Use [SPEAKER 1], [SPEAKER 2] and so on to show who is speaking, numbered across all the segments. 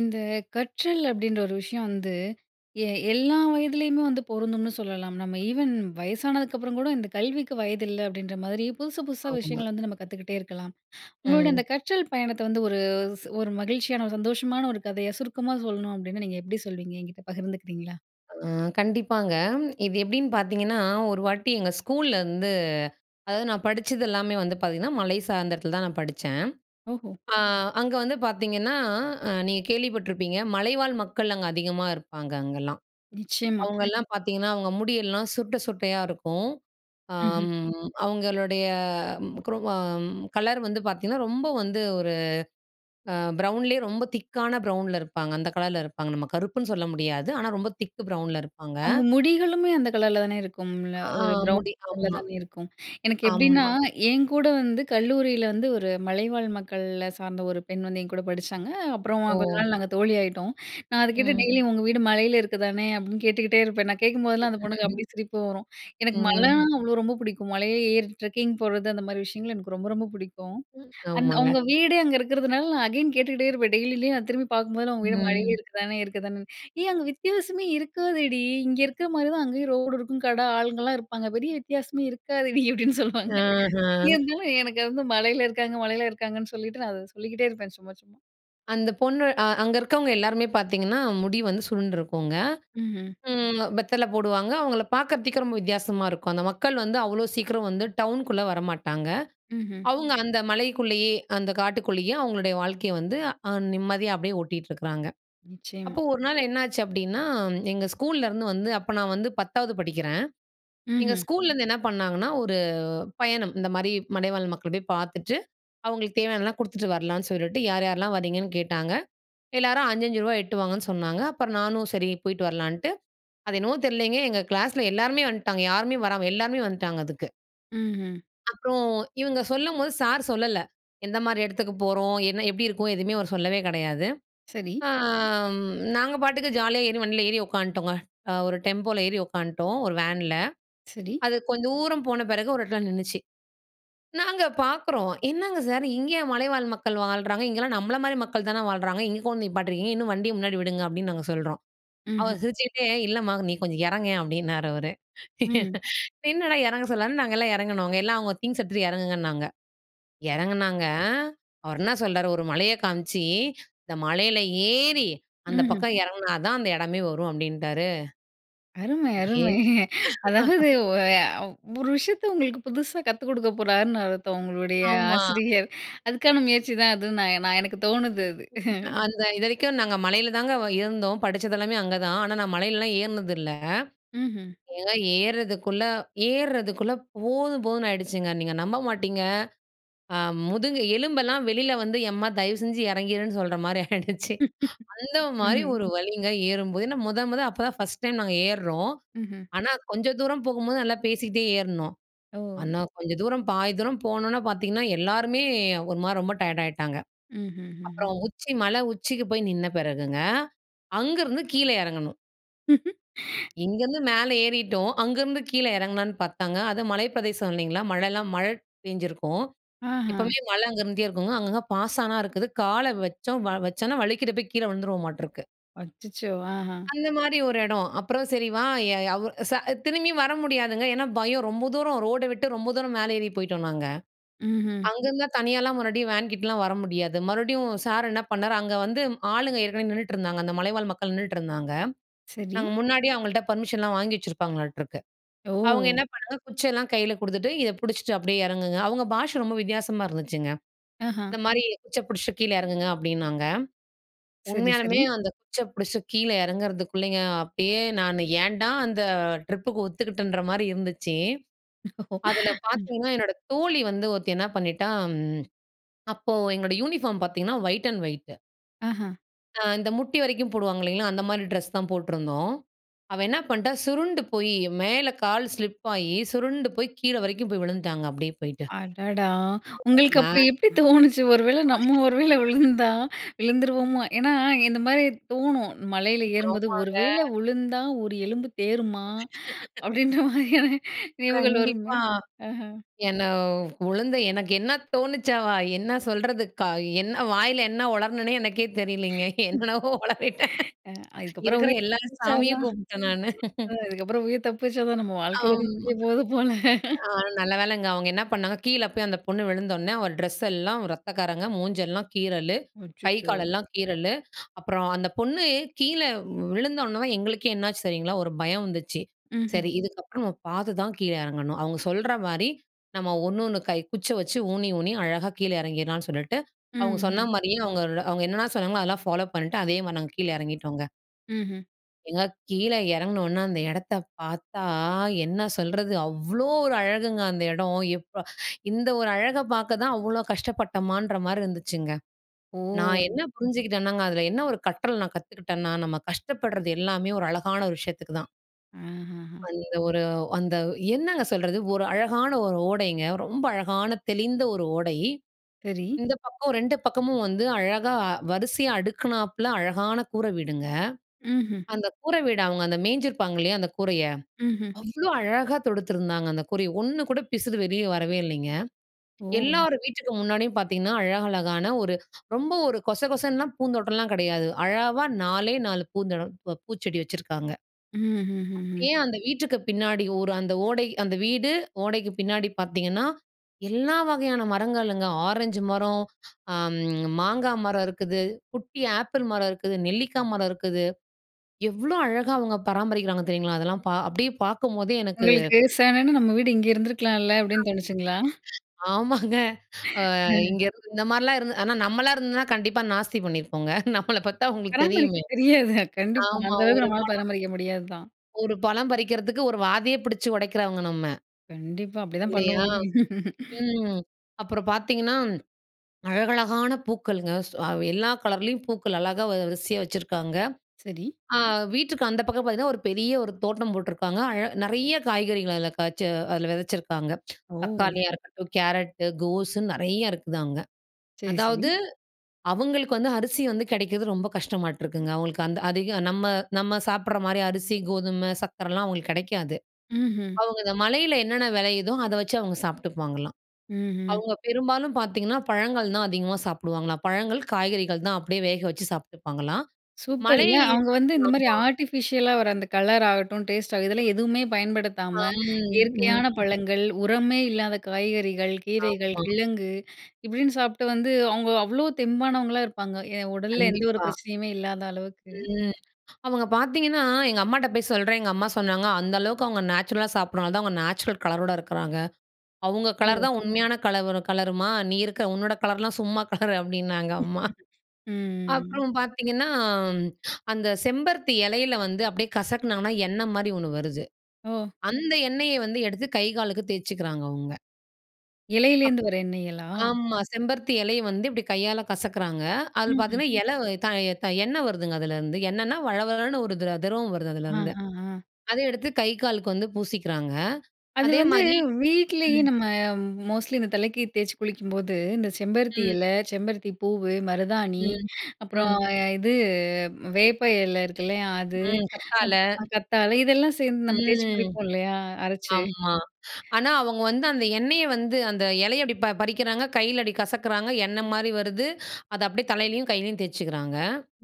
[SPEAKER 1] இந்த கற்றல் அப்பிடின்ற ஒரு விஷயம் வந்து, எ எல்லா வயதிலேயுமே வந்து பொருந்தும்னு சொல்லலாம். நம்ம ஈவன் வயசானதுக்கு அப்புறம்கூட இந்த கல்விக்கு வயதில்ல அப்பிடின்ற மாதிரி புதுசு, புதுசா
[SPEAKER 2] ஆமா.
[SPEAKER 1] விஷயங்கள வந்து நம்ம கத்துக்கிட்டே இருக்கலாம். உங்களோட
[SPEAKER 2] ம்.
[SPEAKER 1] அந்த கற்றல் பயணத்த வந்து ஒரு ச ஒரு மகிழ்ச்சியான ஒரு சந்தோஷமான ஒரு கதையா சுருக்கமாக சொல்லணும் அப்டின்னா, நீங்க எப்பிடி சொல்வீங்க? என்கிட்ட பகிர்ந்துக்கிறீங்களா?
[SPEAKER 2] ஆ கண்டிப்பாங்க. இது எப்டின்னு பார்த்தீங்கன்னா, ஒரு வாட்டி எங்க ஸ்கூல்ல வந்து அதாவது நான் படிச்சது எல்லாமே வந்து பார்த்தீங்கன்னா, மலை சார்ந்த இடத்துலதான் நான் படிச்சேன்.
[SPEAKER 1] ஓஹோ!
[SPEAKER 2] ஆ அங்க வந்து பார்த்தீங்கன்னா, அ நீங்க கேள்விப்பட்டுருப்பீங்க, மலைவாழ் மக்கள் அங்க அதிகமா இருப்பாங்க அங்கல்லாம்.
[SPEAKER 1] நிச்சயமா.
[SPEAKER 2] அவுங்கள்லாம் பார்த்தீங்கன்னா, அவுங்க முடியெல்லாம் சுருட்ட, சுருட்டையா இருக்கும்.
[SPEAKER 1] ம்ஹ்ம்.
[SPEAKER 2] அம் அவுங்களுடைய [unintelligible] கலர் வந்து பார்த்தீங்கன்னா, ரொம்ப வந்து ஒரு அ ப்ரௌன்லே ரொம்ப திக்கான ப்ரௌன்ல இருப்பாங்க. அந்த கலர்ல இருப்பாங்க. நம்ம கருப்புன்னு சொல்ல முடியாது. ஆனா ரொம்ப திக்கு ப்ரௌன்ல இருப்பாங்க.
[SPEAKER 1] அவுங்க முடிகளுமே அந்த கலர்ல தானே இருக்கும்ல.
[SPEAKER 2] ஆ
[SPEAKER 1] ஒரு ப்ரவுன்
[SPEAKER 2] முடி
[SPEAKER 1] கலர்ல
[SPEAKER 2] ஆமா,
[SPEAKER 1] தானே இருக்கும். எனக்கு எப்பிடின்னா,
[SPEAKER 2] ஆமா.
[SPEAKER 1] என் கூட வந்து கல்லூரில வந்து ஒரு மலைவாழ் மக்கள சார்ந்த ஒரு பெண் வந்து என் கூட படிச்சாங்க. அப்புறமா கொஞ்ச
[SPEAKER 2] ஓ!
[SPEAKER 1] நாள் நாங்க தோழியாயிட்டோம். நான் அது கேட்டு
[SPEAKER 2] ம்.
[SPEAKER 1] டெய்லியும் உங்க வீடு மலையில இருக்கு தானே அப்டின்னு கேட்டுக்கிட்டே இருப்பேன். நான் கேட்கும்போதெல்லாம் அந்த பொண்ணுக்கு அப்பிடியே சிரிப்பு வரும். எனக்கு மல
[SPEAKER 2] ம்.
[SPEAKER 1] அவ்ளோ ரொம்ப பிடிக்கும். மலைல ஏறி ட்ரெக்கிங் போறது, அந்தமாரி விஷயங்கள் எனக்கு ரொம்ப, ரொம்ப புடிக்கும்.
[SPEAKER 2] ம்.
[SPEAKER 1] அந்த
[SPEAKER 2] ஆமாங்க.
[SPEAKER 1] அவுங்க வீடே அங்க இருக்கிறதுனால, நான் அகைன் கேட்டுக்கிட்டே இருப்பேன். டெய்லிலேயும் அத நான் திரும்பி பார்க்கும்போதுலாம், உங்க வீடு மலையே
[SPEAKER 2] ம்.
[SPEAKER 1] இருக்கு தானே? இருக்கு தானே? ''ஏய்! அங்க வித்தியாசமே இருக்காதேடி! இங்க இருக்கமாரி தான் அங்கேயும் ரோடு இருக்கும். கட ஆளுங்கள்லாம் இருப்பாங்க. பெரிய வித்தியாசமே இருக்காதேடி!'' அப்டின்னு சொல்வாங்க.
[SPEAKER 2] ஆஹா
[SPEAKER 1] இருந்தாலும் எனக்கு வந்து மலையில இருக்காங்க, மலையில இருக்காங்கன்னு சொல்லிட்டு நான் அத சொல்லிக்கிட்டே இருப்பேன். சும்மா, சும்மா.
[SPEAKER 2] அந்த பொண்ணு அ அங்க இருக்கவங்க எல்லாருமே பார்த்தீங்கன்னா, முடி வந்து சுருண்டுருக்குங்க.
[SPEAKER 1] ம், ம்.
[SPEAKER 2] ம். வெத்தல போடுவாங்க. அவுங்கள பாக்குறதுக்கே ரொம்ப வித்தியாசமா இருக்கும். அந்த மக்கள் வந்து அவ்ளோ சீக்கிரம் வந்து டவுனுக்குள்ள வரமாட்டாங்க.
[SPEAKER 1] ம்ஹ்ம்.
[SPEAKER 2] அவுங்க அந்த மலைக்குள்ளேயே, அந்த காட்டுக்குள்ளேயே அவுங்களுடைய வாழ்க்கைய வந்து, அ நிம்மதியா அப்பிடியே ஓட்டிட்டு இருக்கிறாங்க.
[SPEAKER 1] நிச்சயமா.
[SPEAKER 2] அப்போ ஒரு நாள் என்னாச்சு அப்பிடின்னா, எங்க ஸ்கூல்லருந்து வந்து, அப்ப நான் வந்து 10வது படிக்கிறேன். எங்க
[SPEAKER 1] ம்ஹ்ம்.
[SPEAKER 2] ஸ்கூல்லேருந்து என்ன பண்ணாங்கன்னா, ஒரு பயணம் இந்தமாரி மலைவாழ் மக்கள போயி பார்த்துட்டு, அவுங்களுக்கு தேவையானதுலாம் குடுத்துட்டு வரலான்னு சொல்லிட்டு யார், யார்லாம் வரீங்கன்னு கேட்டாங்க. எல்லாரும் ரூ. 5, ரூ. 5 எட்டுவாங்கன்னு சொன்னாங்க. அப்புறம் நானும் சரி போயிட்டு வரலான்ட்டு, அது என்னவோ தெரியலேங்க, எங்க கிளாஸ்ல எல்லோருமே வந்துட்டாங்க. யாருமே வராம எல்லாருமே வந்ட்டாங்க அதுக்கு.
[SPEAKER 1] ம்ஹ்ம்.
[SPEAKER 2] அப்புறம் இவுங்க சொல்லும்போது, சார் சொல்லல. எந்தமாரி இடத்துக்கு போறோம்? என்ன, எப்பிடி இருக்கும்? எதுவுமே அவர் சொல்லவே கெடையாது.
[SPEAKER 1] சரி.
[SPEAKER 2] ஆம் நாங்க பாட்டுக்கு ஜாலியா ஏறி, வண்டில ஏறி உட்காந்துட்டோங்க. அ ஒரு டெம்போல ஏறி உட்காந்துட்டோம். ஒரு வேன்ல
[SPEAKER 1] சரி.
[SPEAKER 2] அது கொஞ்ச தூரம் போன பிறகு ஒரு இடத்துல நின்னுச்சு. நாங்க பார்க்குறோம். "என்னங்க சார்! இங்கயா மலைவாழ் மக்கள் வாழ்றாங்க! இங்கல்லாம் நம்மளமாரி மக்கள் தான வாழ்றாங்க! இங்க கொண்டு நிப்பாட்ருக்கீங்க! இன்னும் வண்டிய முன்னாடி விடுங்க." அப்பிடின்னு நாங்க சொல்றோம்.
[SPEAKER 1] ம்ஹ்ம்.
[SPEAKER 2] அவர் சிரிச்சுக்கிட்டே, "இல்லம்மா! நீ கொஞ்சம் இறங்கேன்" அப்பிடின்னாரு அவரு.
[SPEAKER 1] ம்.
[SPEAKER 2] என்னடா! இறங்க சொல்லாருன்னு நாங்கள்லாம் இறங்குனோங்க. எல்லாம் அவுங்க திங்க்ஸ் எடுத்துட்டு இறங்குங்கன்னாங்க. இறங்குனாங்க, அவர் என்ன சொல்றாரு, ஒரு மலைய காமிச்சி, "இந்த மலையில ஏறி, அந்த
[SPEAKER 1] ம்ஹ்ம்.
[SPEAKER 2] பக்கம் இறங்குனா தான் அந்த இடமே வரும்." அப்பிடின்ட்டாரு.
[SPEAKER 1] அருமை,
[SPEAKER 2] ஏ
[SPEAKER 1] அருமை. அதாவது ஒ அ ஒரு விஷயத்த உங்களுக்கு புதுசா கத்துக் கொடுக்க போறார்ன்னு, அர்த்தம், உங்களுடைய
[SPEAKER 2] ஆமா.
[SPEAKER 1] ஆசிரியர். அதுக்கான முயற்சிதான் அதுன்னு நான் நான் எனக்கு தோணுது அது.
[SPEAKER 2] அந்த இதுவரைக்கும் நாங்க மலையில தாங்க வ இருந்தோம். படிச்சது எல்லாமே அங்க தான். ஆனா, நான் மலையிலலாம் ஏறினது இல்ல.
[SPEAKER 1] ம்ஹ்ம்.
[SPEAKER 2] ஏங்க ஏறுறதுக்குள்ள, ஏறுறதுக்குள்ள போதும் போதுன்னு ஆயிடுச்சுங்க. நீங்க நம்ப மாட்டீங்க. அ முதுகு எலும்பெல்லாம் வெளில வந்து, எம்மா! தயவுசெஞ்சு இறங்கிருன்னு சொல்றமாரி ஆயிடுச்சு. அந்தமாரி
[SPEAKER 1] ம்ஹ்ம்.
[SPEAKER 2] ஒரு வலிங்க, ஏறும்போது. ஏன்னா, முத, முத அப்பதான் ஃபர்ஸ்ட் டைம் நாங்க ஏறுறோம்.
[SPEAKER 1] ம்ஹ்ம்.
[SPEAKER 2] ஆனா, கொஞ்ச தூரம் போகும்போது, நல்லா பேசிக்கிட்டே ஏறுனோம்.
[SPEAKER 1] ஓ!
[SPEAKER 2] ஆனா, கொஞ்சம் தூரம் பாதி தூரம் போனோன பார்த்தீங்கன்னா, எல்லாருமே ஒரு மாரி ரொம்ப டயர்ட் ஆயிட்டாங்க.
[SPEAKER 1] ம்ஹ்ஹுஹும்.
[SPEAKER 2] அப்புறம் உச்சி மலை உச்சிக்கு போய் நின்ன பிறகுங்க, அங்கிருந்து கீழ இறங்கணும். இங்கேருந்து மேல ஏறிட்டோம், அங்கேருந்து கீழே எறங்குலான்னு பார்த்தாங்க. அதுவும் மலை பிரதேசம் இல்லைங்களா? மழைலாம் மழை பேஞ்சிருக்கும்.
[SPEAKER 1] ஆஹம்.
[SPEAKER 2] எப்போவுமே மழை அங்கேருந்தே இருக்குங்க. அங்கங்க பாசானா இருக்குது. கால வச்சோம் வச்சோன்னா வழிக்கிட்டே போய் கீழே விழுந்துருவோம் மாட்டுருக்கு.
[SPEAKER 1] அச்சச்சோ! ஆஹம்.
[SPEAKER 2] அந்த மாரி ஒரு எடம். அப்புறம் சரி வா ய ய அவ் ச திரும்பி வர முடியாதுங்க. ஏன்னா பயம் ரொம்ப தூரம் ரோடை விட்டு ரொம்ப தூரம் மேலே ஏறி போய்ட்டோம் நாங்க.
[SPEAKER 1] மஹ்ம்.
[SPEAKER 2] அங்கேருந்துலாம் தனியாலாம் மறுபடியும் வேன்கிட்டலாம் வர முடியாது. மறுபடியும் சார் என்ன பண்ணாரு அங்க வந்து ஆளுங்க ஏற்கனவே நின்னுட்ருந்தாங்க. அந்த மலைவாழ் மக்கள் நின்னுட்டு இருந்தாங்க.
[SPEAKER 1] சரி.
[SPEAKER 2] நாங்க முன்னாடியே அவங்கள்ட்ட பர்மிஷன்லாம் வாங்கி வச்சிருப்பாங்களாட்டுருக்கு. அவங்க
[SPEAKER 1] ஓ!
[SPEAKER 2] என்ன பண்ணாங்க குச்செல்லாம் கையில குடுத்துட்டு இத பிடிச்சுட்டு அப்டியே எறங்குங்க. அவங்க பாஷை ரொம்ப வித்தியாசமா இருந்துச்சுங்க.
[SPEAKER 1] ஆஹம்.
[SPEAKER 2] இந்த மாரி குச்சிய பிடிச்சு கீழ எறங்குங்க அப்படின்னாங்க.
[SPEAKER 1] சரி,
[SPEAKER 2] உண்மையாலுமே
[SPEAKER 1] சரி.
[SPEAKER 2] அந்த குச்சிய பிடிச்சு கீழே எறங்குறதுக்குள்ளேங்க, அப்பயே நான் ஏன்டா அந்த ட்ரிப்புக்கு ஒத்துக்கிட்டன்ற மாதிரி இருந்துச்சு. அதுல பார்த்தீங்கன்னா, என்னோட தோழி வந்து ஒருத்தி என்ன பண்ணிட்டா அப்போ எங்ளோட யூனிஃபார்ம் பார்த்தீங்கன்னா ஒயிட் அண்ட் ஒயிட்
[SPEAKER 1] ஆஹம்.
[SPEAKER 2] அ இந்த முட்டி வரைக்கும் போடுவாங்க இல்லைங்களா? அந்த மாரி ட்ரெஸ் தான் போட்ருந்தோம். அவ என்ன பண்ணிட்டா, சுருண்டு போய் மேலே கால் ஸ்லிப் ஆகி சுருண்டு போய் கீழே வரைக்கும் போய் விழுந்துட்டாங்க அப்டியே போயிட்டு.
[SPEAKER 1] அடடா!
[SPEAKER 2] ம்
[SPEAKER 1] உங்களுக்கு
[SPEAKER 2] மே
[SPEAKER 1] அப்ப
[SPEAKER 2] [unintelligible]
[SPEAKER 1] எப்படி தோணுச்சு? ஒரு வேள நம்ம ஒரு
[SPEAKER 2] [unintelligible]
[SPEAKER 1] வேள விழுந்தா விழுந்துருவோமோ? ஏன்னா, இந்த மாரி தோணும் மலையில ஏறும்போது. ஒரு
[SPEAKER 2] ஆமாங்க.
[SPEAKER 1] வேளை விழுந்தா ஒரு எலும்பு தேறுமா? அப்படின்ற மாதிரியான நினைவுகள் வருமே!
[SPEAKER 2] கண்டிப்பா
[SPEAKER 1] அஹ.
[SPEAKER 2] என்ன விழுந்து எனக்கு என்ன தோணுச்சாவா? என்ன சொல்றதுக்கா? க என்ன வாயில என்ன ஒளருணனே எனக்கே தெரியலங்க, என்னென்னவோ ஒளறிட்டேன்
[SPEAKER 1] ம், அ அதுக்கப்புறம்
[SPEAKER 2] இருக்குற
[SPEAKER 1] உயிர்
[SPEAKER 2] எல்லா
[SPEAKER 1] தப்பிச்சா
[SPEAKER 2] சாமியையும்
[SPEAKER 1] தான்.
[SPEAKER 2] கூப்பிட்டேன் நானு.
[SPEAKER 1] அதுக்கப்புறம் உயிர் தப்பிச்சா தான், நம்ம வாழ்க்கை இதோட
[SPEAKER 2] ஆமா அ.
[SPEAKER 1] முடிய போகுது போல.
[SPEAKER 2] அ நல்ல வேலைங்க அவங்க என்ன பண்ணாங்க ,கீழே போய் அந்த பொண்ணு விழுந்தோன்னே அவ ட்ரெஸ் எல்லாம் ரத்தக்கரங்க மூஞ்செல்லாம் கீறல்லு, கை
[SPEAKER 1] அச்சச்சோ!
[SPEAKER 2] காலெல்லாம் கீறல்லு, அப்புறம் அந்த பொண்ணு கீழே விழுந்தோன்னே எங்களுக்கே என்னாச்சு தெரியுங்களா? ஒரு பயம் வந்துச்சு.
[SPEAKER 1] மஹ்ம்.
[SPEAKER 2] சரி இதுக்கப்புறம் நம்ம பார்த்து தான் கீழே எறங்கணும். அவங்க சொல்ற மாரி நம்ம ஒண்ணு ஒண்ணு கை குச்சிய வச்சு ஊணி, ஊணி அழகா கீழே எறங்கிடலாம்ன்னு சொல்லிட்டு, அவங்க
[SPEAKER 1] மஹ்ம்.
[SPEAKER 2] சொன்ன மாரியே அவங்க, அவங்க என்னென்ன சொன்னாங்களோ அதெல்லாம் ஃபாலோ பண்ணிட்டு அதேமாரி நாங்க கீழே எறங்கிட்டோங்க.
[SPEAKER 1] மஹ்ம்.
[SPEAKER 2] ஏங்க, கீழே இறங்குனோன அந்த இடத்தை பாத்தா என்ன சொல்றது, அவ்வளோ ஒரு அழகுங்க. அந்த இடம் எப்பா இந்த ஒரு அழகை பாக்க தான் அவ்வளோ கஷ்டப்பட்டமான்ற மாரி இருந்துச்சுங்க.
[SPEAKER 1] ஓ!
[SPEAKER 2] நான் என்ன புரிஞ்சுகிட்டேன்னாங்க, அதில என்ன ஒரு கற்றல் நான் கத்துக்கிட்டேன்னா, நம்ம கஷ்டப்படுறது எல்லாமே, ஒரு அழகான ஒரு விஷயத்துக்கு தான்.
[SPEAKER 1] அஹ்ம்
[SPEAKER 2] அந்த ஒரு அந்த என்னங்க சொல்றது, ஒரு அழகான ஒரு ஓடைங்க, ரொம்ப அழகான தெளிந்த ஒரு ஓடை.
[SPEAKER 1] சரி.
[SPEAKER 2] இந்த பக்கம் 2 பக்கமும் வந்து அழகா வரிசையா அடுக்கினாப்புல அழகான கூரை வீடுங்க.
[SPEAKER 1] ம்ஹ்ம்.
[SPEAKER 2] அந்த கூரை வீடு, அவுங்க அந்த மேய்ஞ்சிருப்பாங்க இல்லையா அந்த கூரைய,
[SPEAKER 1] ம்ஹ்ம்.
[SPEAKER 2] அவ்வளோ அழகா தொடுத்துருந்தாங்க அந்த கூரைய. ஒண்ணு கூட பிசுரு வெளில வரவே இல்லைங்க.
[SPEAKER 1] ஓ!
[SPEAKER 2] எல்லார் வீட்டுக்கு முன்னாடியும் பாத்தீங்கன்னா, அழகழகான ஒரு ரொம்ப ஒரு கொச கொசன்னுலாம் பூந்தோட்டம்லாம் கிடையாது, அளவா நாலே 4 பூந்தோட ப பூச்செடி வச்சுருக்காங்க.
[SPEAKER 1] ம்ஹ்ம், ம்ஹ்ம்.
[SPEAKER 2] அப்படியே அந்த வீட்டுக்கு பின்னாடி ஒரு அந்த ஓடை அந்த வீடு ஓடைக்கு பின்னாடி பாத்தீங்கன்னா, எல்லா வகையான மரங்கள்ங்க, ஆரஞ்சு மரம், அம் மாங்கா மரம் இருக்குது, குட்டி ஆப்பிள் மரம் இருக்குது, நெல்லிக்கா மரம் இருக்குது. எவ்வளோ அழகா அவங்க பராமரிக்கிறாங்க தெரியுங்களா, அதெல்லாம் பா அப்படியே பார்க்கும்போதே எனக்கு
[SPEAKER 1] உங்களுக்கு செவனேன்னு, நம்ம வீடு இங்க இருந்துருக்கலாம்ல அப்படின்னு
[SPEAKER 2] [unintelligible]
[SPEAKER 1] தோணிச்சுங்களா?
[SPEAKER 2] ஆமாங்க. அ இங்க இருந்து இந்த மாதிரிலாம் இருந்து, ஆனா நம்மளா இருந்துன்னா, கண்டிப்பா நாஸ்தி பண்ணியிருப்போங்க. நம்மள பாத்த உங்களுக்கு
[SPEAKER 1] பராமரிக்க
[SPEAKER 2] தெரியுமே.
[SPEAKER 1] தெரியாது. கண்டிப்பா
[SPEAKER 2] ஆமா,
[SPEAKER 1] அந்த அளவுக்கு
[SPEAKER 2] ஒரு
[SPEAKER 1] நம்மால
[SPEAKER 2] படம்
[SPEAKER 1] பராமரிக்க முடியாது தான்.
[SPEAKER 2] ஒரு பழம் பறிக்கிறதுக்கு, ஒரு வாதயே பிடிச்சு உடைக்கிறவங்க நம்ம,
[SPEAKER 1] கண்டிப்பா. அப்டிதான்
[SPEAKER 2] இல்லையா
[SPEAKER 1] பண்ணுவோமே!
[SPEAKER 2] ம். அப்புறம் பாத்தீங்கன்னா, அழகழகான பூக்களுங்க, சோ அவ் எல்லா கலர்லயும் பூக்கள், அழகா வரிசையா வச்சுருக்காங்க.
[SPEAKER 1] சரி.
[SPEAKER 2] அ வீட்டுக்கு அந்த பக்கம் பாத்தீங்கன்னா, ஒரு பெரிய ஒரு தோட்டம் போட்டுருக்காங்க. அழ நிறைய காய்கறிகள், அதில காய்ச்சு, அதில விதைச்சிருக்காங்க.
[SPEAKER 1] ஓ!
[SPEAKER 2] தக்காளியா இருக்கட்டும், கேரட்டு, கோஸுன்னு நிறையா இருக்குது அங்க,
[SPEAKER 1] சரி, சரி.
[SPEAKER 2] அதாவது அவுங்களுக்கு வந்து அரிசி வந்து கிடைக்கிறது ரொம்ப கஷ்டமாட்ருக்குங்க. அவுங்களுக்கு அந்த அதிகம் நம்ம நம்ம சாப்பிடுற மாரி அரிசி, கோதுமை, சக்கரைலாம் அவுங்களுக்கு கிடைக்காது.
[SPEAKER 1] ம்ஹ்ம்.
[SPEAKER 2] அவுங்க இந்த மலையில என்னென்ன விளையுதோ அதை வச்சு அவுங்க சாப்பிட்டுப்பாங்களாம்.
[SPEAKER 1] ம்ஹ்ம்.
[SPEAKER 2] அவுங்க பெரும்பாலும் பாத்தீங்கன்னா, பழங்கள் தான் அதிகமா சாப்பிடுவாங்களாம். பழங்கள், காய்கறிகள் தான் அப்படியே வேக வச்சு சாப்ட்டுப்பாங்களாம்.
[SPEAKER 1] சூப்பர்
[SPEAKER 2] மலை
[SPEAKER 1] இல்ல. அவுங்க வந்து இந்த மாரி
[SPEAKER 2] ஆமா.
[SPEAKER 1] ஆர்ட்டிஃபிஷியலா வர அந்த கலர் ஆகட்டும், டேஸ்ட் ஆக இதெல்லாம் எதுவுமே பயன்படுத்தாம,
[SPEAKER 2] அம்,
[SPEAKER 1] இயற்கையான
[SPEAKER 2] ம்.
[SPEAKER 1] பழங்கள், உரமே இல்லாத காய்கறிகள், கீரைகள்,
[SPEAKER 2] ஆமா.
[SPEAKER 1] கிழங்கு இப்படின்னு சாப்ட்டு வந்து, அவங்க அவ்வளோ தெம்பானவங்களா இருப்பாங்க, என் உடலில எந்த ஒரு
[SPEAKER 2] கண்டிப்பா.
[SPEAKER 1] பிரச்சனையுமே இல்லாத அளவுக்கு.
[SPEAKER 2] ம், அவுங்க பாத்தீங்கன்னா எங்க அம்மாட்ட போய் சொல்றேன். எங்க அம்மா சொன்னாங்க, அந்த அளவுக்கு அவுங்க நேச்சுரலா சாப்ட்றனால தான் அவுங்க நேச்சுரல் கலரோட இருக்குறாங்க. அவுங்க கலர்
[SPEAKER 1] ஓ!
[SPEAKER 2] தான் உண்மையான கலவுரு கலருமா, நீ இருக்கிற உன்னோட கலர்லாம் சும்மா கலரு அப்டின்னாங்க
[SPEAKER 1] ம்,
[SPEAKER 2] அம்மா.
[SPEAKER 1] ம்.
[SPEAKER 2] அப்புறம் பாத்தீங்கன்னா, அந்த செம்பருத்தி இலையில வந்து அப்டியே கசக்குனாங்கன்னா எண்ணெய் மாரி ஒண்ணு வருது.
[SPEAKER 1] ஒ!
[SPEAKER 2] அந்த எண்ணெயை வந்து எடுத்து கை காலுக்கு தேச்சுகிறாங்க அவுங்க. அப்
[SPEAKER 1] இலையிலிருந்து வர எண்ணெய்ங்கலா?
[SPEAKER 2] ஆமாம் செம்பருத்தி இலையை வந்து இப்படி கையால கசக்கிறாங்க. அதில்
[SPEAKER 1] ம்ஹ்ம்.
[SPEAKER 2] பார்த்திங்கன்னா இலை தய தய எண்ணெய் வருதுங்க அதுலேருந்து. எண்ணென்னா வளவளன்னு ஒரு திர திரவம் வருது
[SPEAKER 1] அ,
[SPEAKER 2] அதுலேருந்து.
[SPEAKER 1] அ, அ.
[SPEAKER 2] அத எடுத்து கை காலுக்கு வந்து பூசிக்கிறாங்க
[SPEAKER 1] அது வந்து,
[SPEAKER 2] அதேமாதிரி
[SPEAKER 1] வீட்லயே
[SPEAKER 2] ம்.
[SPEAKER 1] நம்ம அ மோஸ்ட்லி இந்த தலைக்கு தேய்ச்சு குளிக்கும்போது, இந்த செம்பருத்தி
[SPEAKER 2] ம்.
[SPEAKER 1] இல, செம்பருத்தி பூவு, மருதாணி,
[SPEAKER 2] ம்.
[SPEAKER 1] அப்புறம்
[SPEAKER 2] ம்.
[SPEAKER 1] ஆ இது வேப்ப இல இருக்குல்லையா அது,
[SPEAKER 2] ம். கத்தாழை.
[SPEAKER 1] [unintelligible] கத்தாழை இதெல்லாம் சேர்ந்து நம்ம தேய்ச்சு
[SPEAKER 2] ம்,
[SPEAKER 1] குளிப்போமில்லையா அரைச்சு?
[SPEAKER 2] ஆமா. ஆனா அவங்க வந்து அந்த எண்ணெயை வந்து அந்த இலையை படி அப்படி பறிக்கிறாங்க, கையில அப்படி கசக்கிறாங்க, எண்ணெய் மாதிரி வருது, அத அப்படியே தலையிலேயும் கையிலேயும் தேச்சிக்கிறாங்க.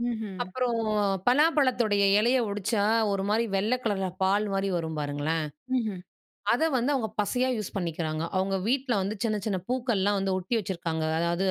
[SPEAKER 1] ம்ஹ்ம்.
[SPEAKER 2] அப்புறம் பலாப்பழத்துடைய, இலையை ஒடிச்சா ஒரு மாரி வெள்ளை கலரில பால் மாரி வரும் பாருங்களேன்.
[SPEAKER 1] ம்ஹ்ம்.
[SPEAKER 2] அதை வந்து அவங்க பசையா யூஸ் பண்ணிக்கிறாங்க. அவங்க வீட்ல வந்து சின்ன, சின்ன பூக்கள்லாம் வந்து ஒட்டி வச்சிக்கிருக்காங்க. அதாவது,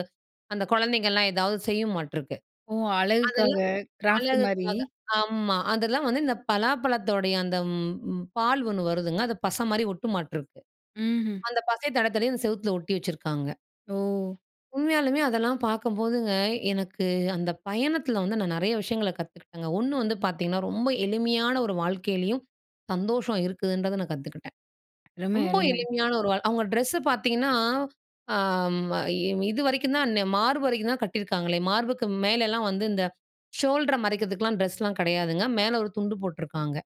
[SPEAKER 2] அந்த குழந்தைகள்லாம் ஏதாவது செய்யுமாட்டுருக்கு.
[SPEAKER 1] ஓ அழகுக்காக,
[SPEAKER 2] அதெல்லாம்
[SPEAKER 1] கிராஃப்ட் மாரி.
[SPEAKER 2] அழகுக்காக ஆமா, அதெல்லாம் வந்து இந்த பலாப்பழத்தோடைய அந்த ம் பால் ஒண்ணு வருதுங்க, அது பசை மாரி ஒட்டுமாட்டுருக்கு.
[SPEAKER 1] ம்ஹ்ம்.
[SPEAKER 2] அந்த பசை தடவி தடவி அந்த செவத்துல ஒட்டி வச்சிருக்காங்க.
[SPEAKER 1] ஓ!
[SPEAKER 2] உண்மையாலுமே அதெல்லாம் பாக்கம்போதுங்க, எனக்கு அந்த பயணத்தில வந்து, நான் நெறைய விஷயங்கள கத்துக்கிட்டங்க. ஒண்ணு வந்து பாத்தீங்கன்னா, ரொம்ப எளிமையான ஒரு வாழ்க்கையிலேயும், சந்தோஷம் இருக்குதுன்றத நான் கத்துக்கிட்டேன்.
[SPEAKER 1] அருமை,
[SPEAKER 2] ரொம்ப
[SPEAKER 1] அருமை.
[SPEAKER 2] எளிமையான ஒரு வா அவுங்க ட்ரெஸ்ஸ பாத்தீங்கன்னா, ஆ ம இ இதுவரைக்கும் தான், ன்ன மார்பு வரைக்கும் தான் கட்டியிருக்காங்களே! மார்புக்கு மேலலாம் வந்து இந்த ஷோல்டர மறைக்கிறதுக்குலாம் ட்ரெஸ்லாம் கெடையாதுங்க. மேல ஒரு துண்டு போட்ருக்காங்க.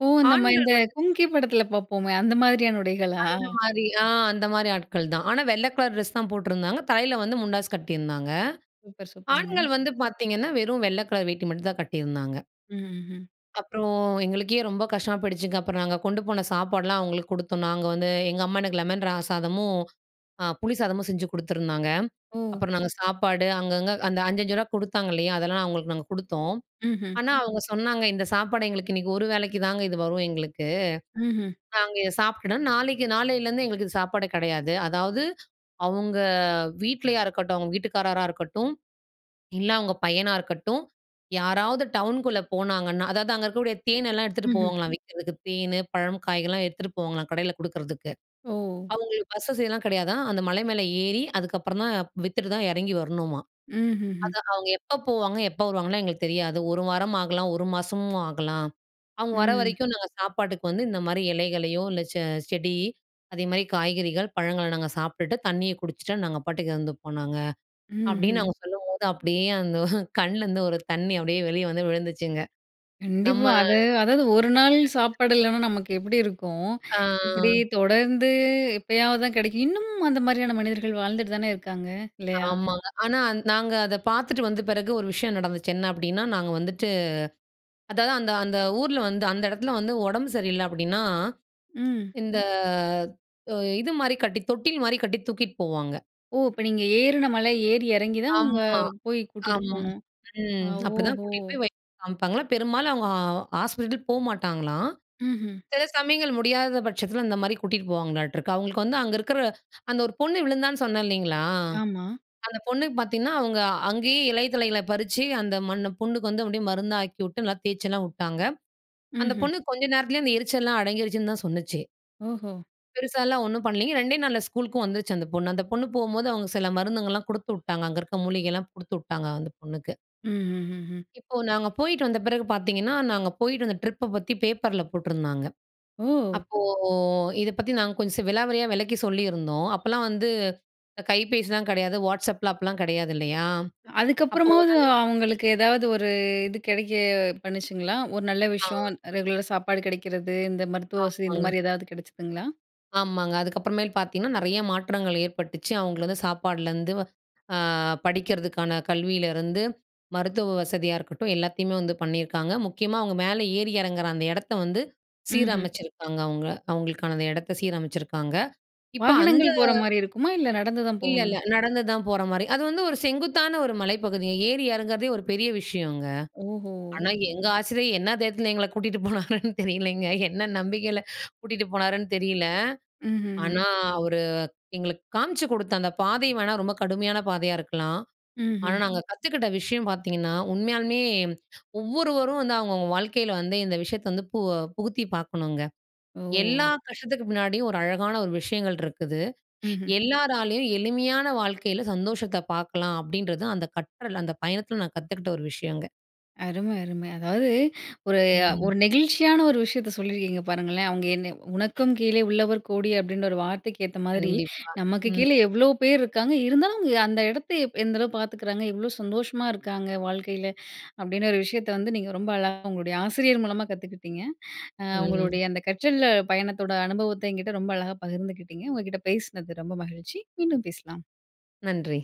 [SPEAKER 1] ஓ! நம்ம
[SPEAKER 2] ஆண்கள்
[SPEAKER 1] இந்த
[SPEAKER 2] வந்து
[SPEAKER 1] கும்கி படத்தில பாப்போமே! அந்த மாதிரியான உடைகளா?
[SPEAKER 2] அந்தமாரி, ஆ அந்தமாரி ஆட்கள்தான். ஆனா, வெள்ள கலர் டிரெஸ்தான் போட்டிருந்தாங்க. தலையில வந்து முண்டாஸ் கட்டியிருந்தாங்க.
[SPEAKER 1] சூப்பர், சூப்பருங்க.
[SPEAKER 2] ஆண்கள் வந்து பாத்தீங்கன்னா, வெறும் வெள்ள கலர் வேட்டி மட்டுந்தான் கட்டியிருந்தாங்க.
[SPEAKER 1] ம், ஹ்ம்.
[SPEAKER 2] அப்புறம் எங்களுக்கே ரொம்ப கஷ்டமா போயிடுச்சுங்க. அப்புறம் நாங்க கொண்டு போன சாப்பாடுலாம் அவுங்களுக்கு குடுத்தோம். நாங்க வந்து எங்க அம்மா எனக்கு லெமன் ர சாதமும், அ புளி சாதமும் செஞ்சு குடுத்துருந்தாங்க.
[SPEAKER 1] ஓ!
[SPEAKER 2] அப்புறம் நாங்க சாப்பாடு, அங்கங்க அந்த 5,5 ரூவா குடுத்தாங்க இல்லயா! அதெல்லாம் அவுங்களுக்கு நாங்க குடுத்தோம்.
[SPEAKER 1] ம்ஹ்ம்.
[SPEAKER 2] ஆனா, அவுங்க சொன்னாங்க, "இந்த சாப்பாடு எங்களுக்கு இன்னக்கி ஒரு வேளைக்கி தாங்க இது வரும் எங்களுக்கு.
[SPEAKER 1] ம்ஹ்ம்.
[SPEAKER 2] நாங்க இத சாப்பிட்டுட்டோன். நாளைக்கி நாளையிலருந்து எங்களுக்கு இது சாப்பாடு கிடையாது" அதாவது அவுங்க வீட்லயா இருக்கட்டும், அவுங்க வீட்டுக்காரரா இருக்கட்டும், இல்ல அவுங்க பையனா இருக்கட்டும். யாராவது டவுனுக்குள்ள போனாங்கன்னா, அதாவது அங்க இருக்கக்கூடிய தேன் எல்லாம் எடுத்துட்டு
[SPEAKER 1] ம்ஹ்ம்.
[SPEAKER 2] போவாங்கலாம், விக்கிறதுக்கு. தேனு, பழம், காய்கள்லாம் எத்துட்டு போவாங்கலாம் கடையில குடுக்குறதுக்கு.
[SPEAKER 1] ஓ!
[SPEAKER 2] அவுங்களுக்கு பஸ் வசதிலாம் கிடையாதாம். அந்த மலை மேலே ஏறி அதுக்கப்புறம் தான் வித்துட்டு தான் இறங்கி வரணுமாம்
[SPEAKER 1] ம்ஹ்ம்ஹ்ம்.
[SPEAKER 2] அது "அவுங்க எப்ப போவாங்க, எப்ப வருவாங்கன்லாம் எங்களுக்கு தெரியாது. ஒரு வாரம் ஆகலாம். ஒரு மாசமும் ஆகலாம். அவுங்க வர
[SPEAKER 1] ம்.
[SPEAKER 2] வரைக்கும் நாங்க சாப்பாட்டுக்கு வந்து இந்த மாரி இலைகளையோ! இல்ல செ செடி அதேமாரி காய்கறிகள், பழங்கள நாங்க சாப்பிட்டுட்டு தண்ணிய குடிச்சுட்டு நாங்க பாட்டுக்கு இருந்துப்போம் நாங்க"அப்பிடின்னு
[SPEAKER 1] ம்ஹ்ம்.
[SPEAKER 2] அவுங்க சொல்லும்போது, அப்பிடியே அந்த கண்ணலருந்து ஒரு தண்ணீ அப்பிடியே வெளிய வந்து விழுந்துச்சுங்க. நம்ம
[SPEAKER 1] கண்டிப்பா. அது அதாவது ஒரு நாள்
[SPEAKER 2] [unintelligible]
[SPEAKER 1] சாப்பாடு இல்லன்னா, நமக்கு எப்பிடி இருக்கும்?
[SPEAKER 2] ஆ.
[SPEAKER 1] இப்பிடி தொடர்ந்து எப்பயாவது தான் கெடைக்கும் இன்னமும் அந்த மாரியான மனிதர்கள் வாழ்ந்துட்டு தானே இருக்காங்க, இல்லயா!
[SPEAKER 2] ஆமாங்க. ஆனா நாங்க அத பாத்துட்டு வந்த பிறகு ஒரு விஷயம் நடந்துச்சு. என்னா அப்பிடின்னா, நாங்க வந்துட்டு அதாவது அந்த அந்த ஊர்ல வந்து அந்த எடத்தில வந்து ஒடம்பு சரியில்ல அப்பிடின்னா,
[SPEAKER 1] ம்.
[SPEAKER 2] இந்த ஒ இதுமாரி கட்டி தொட்டில்மாரி கட்டி தூக்கிட்டு போவாங்க.
[SPEAKER 1] ஓ! இப்ப நீங்க ஏறுன மலை, ஏறி எறங்கி தான் அவுங்க,
[SPEAKER 2] ஆம்மா,
[SPEAKER 1] போய் கூட்டிட்டு
[SPEAKER 2] அம்.
[SPEAKER 1] போணும். ஆ,
[SPEAKER 2] ம். அப்பிடிதான் கூட்டிட்டு
[SPEAKER 1] ஓஹோ!
[SPEAKER 2] போய் வைத்தியர்ட்ட காமிப்பாங்கலாம். பெரும்பாலும் அவுங்க ஹாஸ்பிட்டல் போ மாட்டாங்கலாம்.
[SPEAKER 1] ம்ஹ்ம்.
[SPEAKER 2] சில சமயங்கள் முடியாத பட்சத்தில இந்தமாரி கூட்டிட்டு போவாங்களாட்ருக்கு. அவுங்களுக்கு வந்து, அங்க இருக்கிற அந்த ஒரு பொண்ணு விழுந்தான்னு சொன்னேன் இல்லேங்களா!
[SPEAKER 1] ஆமா.
[SPEAKER 2] அந்த பொண்ணுக்கு பாத்தீங்கன்னா, அவுங்க அங்கேயே இலை தழைகள பறிச்சி, அந்த மண்ணு புண்ணுக்கு வந்து அப்பிடியே மருந்தாக்கிவுட்டு நல்லா தேய்ச்சலாம் உட்டாங்க. அந்த
[SPEAKER 1] ம்ஹ்ம்.
[SPEAKER 2] பொண்ணு கொஞ்ச நேரத்திலயே அந்த எரிச்சல்லாம் அடங்கிருச்சுன்னு தான் சொன்னுச்சு.
[SPEAKER 1] ஓஹோ!
[SPEAKER 2] பெருசாலாம் ஒண்ணும் பண்ணலிங்க, 2டே நாள்ல ஸ்கூல்‌க்கும் வந்துச்சு அந்த பொண்ணு அந்த பொண்ணு போம்போது அவங்க சில மருந்துகல்லாம் குடுத்துவுட்டாங்க. அங்க இருக்க மூலிகைல்லாம் குடுத்துவுட்டாங்க அந்த பொண்ணுக்கு.
[SPEAKER 1] ம்ஹ்ஹ்ம்.
[SPEAKER 2] இப்போ நாங்க போயிட்டு வந்த பிறகு பாத்தீங்கன்னா, நாங்க போயிட்டு அந்த ட்ரிப்ப பத்தி பேப்பர்ல போட்டுருந்தாங்க.
[SPEAKER 1] ஓ!
[SPEAKER 2] அப்போ இத பத்தி நாங்க கொஞ்சம் ஸ் விலாவரியா விலக்கி சொல்லியிருந்தோம். அப்போலாம் வந்து இந்த கைபேசிலாம் கிடையாது. Whatsappலாம் அப்பலாம் கிடையாது, இல்லயா? அப்போ
[SPEAKER 1] அதுக்கப்புறமாவது
[SPEAKER 2] உடனே
[SPEAKER 1] அவங்களுக்கு ஏதாவது ஒரு இது கிடைக்க பண்ணுச்சுங்களா? ஒரு நல்ல
[SPEAKER 2] ஆ.
[SPEAKER 1] விஷயம் ரெகுலரா சாப்பாடு கிடைக்குறது, இந்த மருத்துவ வசதி, இந்த
[SPEAKER 2] ஆமாங்க.
[SPEAKER 1] மாரி ஏதாவது கிடைச்சிதுங்களா?
[SPEAKER 2] ஆமாங்க. அதுக்கப்புறமேல் பாத்தீங்கன்னா, நெறைய மாற்றங்கள் ஏற்பட்டுச்சு. அவங்கள வந்து சாப்பாடுலந்து அ படிக்குறதுக்கான கல்வியிலிருந்து, மருத்துவ வசதியா இருக்கட்டும். எல்லாத்தையுமே வந்து பண்ணியிருக்காங்க, முக்கியமா அவங்க மேல ஏறி இறங்குற அந்த இடத்த வந்து
[SPEAKER 1] ம்ஹ்ம்.
[SPEAKER 2] சீரமைச்சிருக்காங்க அவங்க. அவங்களுக்கான அந்த இடத்த சீரமைச்சிருக்காங்க. இப்போ அந்த
[SPEAKER 1] வாகனங்கள் போற மாரி இருக்குமா? இல்ல, நடந்து தான்
[SPEAKER 2] இல்ல,
[SPEAKER 1] போகணுமா?
[SPEAKER 2] இல்ல. நடந்துதான் போற மாரி அது வந்து ஒரு செங்குத்தான ஒரு மலைப்பகுதிங்க. ஏறி இறங்குறதே ஒரு பெரிய விஷயங்க.
[SPEAKER 1] ஓஹோ!
[SPEAKER 2] ஆனா, எங்க ஆசிரியர் என்ன தைரியதுல எங்கள கூட்டிட்டு போனாருன்னு, தெரியலைங்க. என்ன நம்பிக்கையில கூட்டிட்டு போனாருன்னு தெரியல.
[SPEAKER 1] ம்ஹ்ம், ம்.
[SPEAKER 2] ஆனா, அவரு எங்களுக்கு காமிச்சு குடுத்த அந்த பாதை வேணா ரொம்ப கடுமையான பாதையா இருக்கலாம். ஆனா,
[SPEAKER 1] ம்ஹ்ம்.
[SPEAKER 2] நாங்க கத்துக்கிட்ட விஷயம் பாத்தீங்கன்னா, உண்மையாலுமே ஒவ்வொருவரும் வந்து அவங்கவங்க வாழ்க்கையில வந்து இந்த விஷயத்த வந்து பு புகுத்தி பாக்கணுங்க. எல்லா
[SPEAKER 1] ஓ!
[SPEAKER 2] கஷ்டத்துக்கு பின்னாடியும் ஒரு அழகான ஒரு விஷயங்கள் இருக்குது.
[SPEAKER 1] ம்ஹ்ம்.
[SPEAKER 2] எல்லாராலேயும் எளிமையான வாழ்க்கையில சந்தோஷத்த பாக்கலாம். அப்டீன்றது அந்த கற்றல் அந்த பயணத்துல நான் கத்துக்கிட்ட ஒரு விஷயங்க.
[SPEAKER 1] அரும, அரும. அதாவது ஒரு,
[SPEAKER 2] ம்.
[SPEAKER 1] ஒரு, நெகிழ்ச்சியான ஒரு விஷயத்த சொல்லியிருக்கீங்க. பாருங்களேன், அவங்க என்னை "உனக்கும் கீழ உள்ளவர் கோடி" அப்டீன்ற ஒரு வார்த்தைக்கு ஏத்த மாரி,
[SPEAKER 2] கண்டிப்பா.
[SPEAKER 1] நமக்கு கீழ
[SPEAKER 2] ம்.
[SPEAKER 1] எவ்வளோ பேர் இருக்காங்க, இருந்தாலும் அவங்க அந்த இடத்த எந்த அளவு பாத்துக்குறாங்க. எவ்வளோ சந்தோஷமா இருக்காங்க வாழ்க்கையில, அப்டின்னு ஒரு விஷயத்த வந்து நீங்க ரொம்ப அழகா உங்களுடைய ஆசிரியர் மூலமா கத்துக்கிட்டிங்க. அ
[SPEAKER 2] ம்.
[SPEAKER 1] உங்களுடைய அந்த கற்றல் பயணத்தோட அனுபவத்த என்கிட்ட ரொம்ப அழகா பகிர்ந்துக்கிட்டிங்க. உங்க கிட்ட பேசுனது ரொம்ப மகிழ்ச்சி, மீண்டும் பேசலாம்.
[SPEAKER 2] நன்றி.